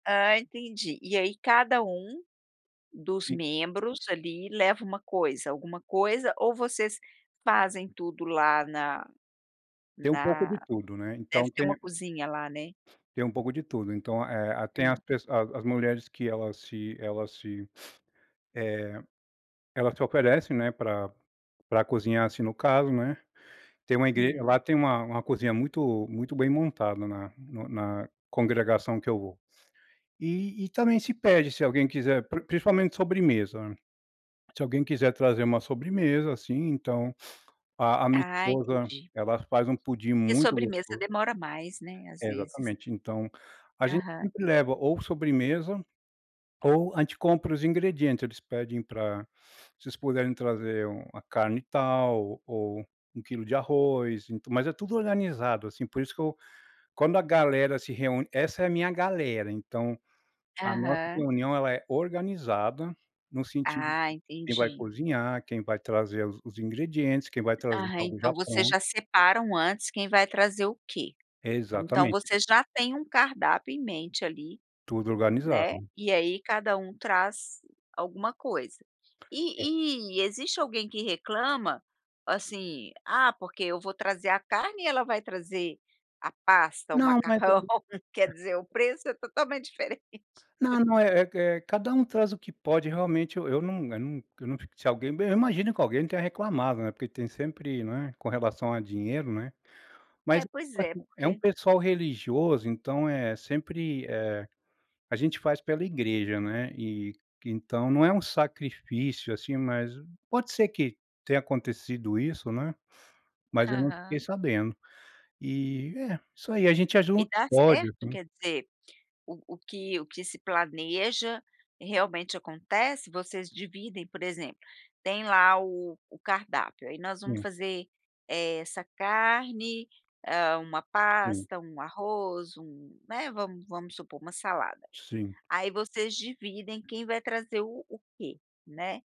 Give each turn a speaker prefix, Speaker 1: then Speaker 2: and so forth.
Speaker 1: Ah, entendi, e aí cada um dos
Speaker 2: Sim.
Speaker 1: membros ali leva uma coisa, alguma coisa ou vocês fazem tudo lá na
Speaker 2: Tem um pouco
Speaker 1: na
Speaker 2: de tudo, né.
Speaker 1: deve
Speaker 2: Então
Speaker 1: ter uma
Speaker 2: tem
Speaker 1: cozinha lá, né?
Speaker 2: Tem um pouco de tudo. Então, eh, a tem as
Speaker 1: Hum.
Speaker 2: pesso as as mulheres que elas se elas se eh, elas te oferecem, né, pra pra cozinhar, assim, no caso, né, tem uma igre
Speaker 1: Hum.
Speaker 2: lá tem uma uma cozinha muito muito bem montada na no na congregação que eu vou. E e também se pede, se alguém quiser, pri principalmente sobremesa, se alguém quiser trazer uma sobremesa, assim, então a a minha
Speaker 1: Ah,
Speaker 2: esposa
Speaker 1: entendi.
Speaker 2: ela faz um pudim
Speaker 1: E
Speaker 2: muito
Speaker 1: sobremesa
Speaker 2: gosto
Speaker 1: demora mais, né, às
Speaker 2: É,
Speaker 1: vezes.
Speaker 2: exatamente. Então, a gente
Speaker 1: Aham.
Speaker 2: sempre leva ou sobremesa, ou a gente compra os ingredientes. Eles pedem pra "se vocês puderem trazer um uma carne e tal, o ou 1 quilo de arroz", ent mas é tudo organizado, assim, por isso que eu quando a galera se reúne essa é a minha galera, então, a nossa
Speaker 1: Aham.
Speaker 2: reunião ela é organizada, no sentido de
Speaker 1: Ah,
Speaker 2: quem vai
Speaker 1: entendi.
Speaker 2: cozinhar, quem vai trazer os os ingredientes, quem vai trazer
Speaker 1: Aham.
Speaker 2: algo
Speaker 1: Então
Speaker 2: já
Speaker 1: vocês
Speaker 2: pronto
Speaker 1: já separam antes quem vai trazer o quê. Então
Speaker 2: Exatamente.
Speaker 1: vocês já têm um cardápio em mente ali,
Speaker 2: Tudo organizado.
Speaker 1: né, e aí cada um traz alguma coisa.
Speaker 2: É
Speaker 1: E e existe alguém que reclama, assim: "Ah, porque eu vou trazer a carne e ela vai trazer a pasta, o
Speaker 2: Não, mas eu
Speaker 1: macarrão". Quer
Speaker 2: [unintelligible]
Speaker 1: dizer, o preço é totalmente diferente.
Speaker 2: Não, não é é q eh, cada um traz o que pode. Realmente, e eu nunc nun eu não fico se alguém b eu imagino que alguém tenha reclamado, né, porque tem sempre né, com relação a dinheiro, né. Mas
Speaker 1: É, pois é.
Speaker 2: [unintelligible] é um
Speaker 1: Porque
Speaker 2: pessoal religioso, então é sempre eh, a gente faz pela igreja, né, e que então não é um sacrifício, assim, mas pode ser que tenha acontecido isso, né, mas eu não fiquei
Speaker 1: Aham.
Speaker 2: sabendo. E, é, isso aí a gente ajuda
Speaker 1: E dá
Speaker 2: como pode,
Speaker 1: certo?
Speaker 2: assim.
Speaker 1: Quer dizer, o o que o que se planeja realmente acontece? Vocês dividem por exemplo, tem lá o o cardápio, "aí nós vamos
Speaker 2: Hum.
Speaker 1: fazer, eh, essa carne, ah, uma
Speaker 2: Sim.
Speaker 1: pasta, um arroz, um" né, vam vamos supor uma salada,
Speaker 2: Sim.
Speaker 1: aí vocês dividem quem vai trazer o o que, né?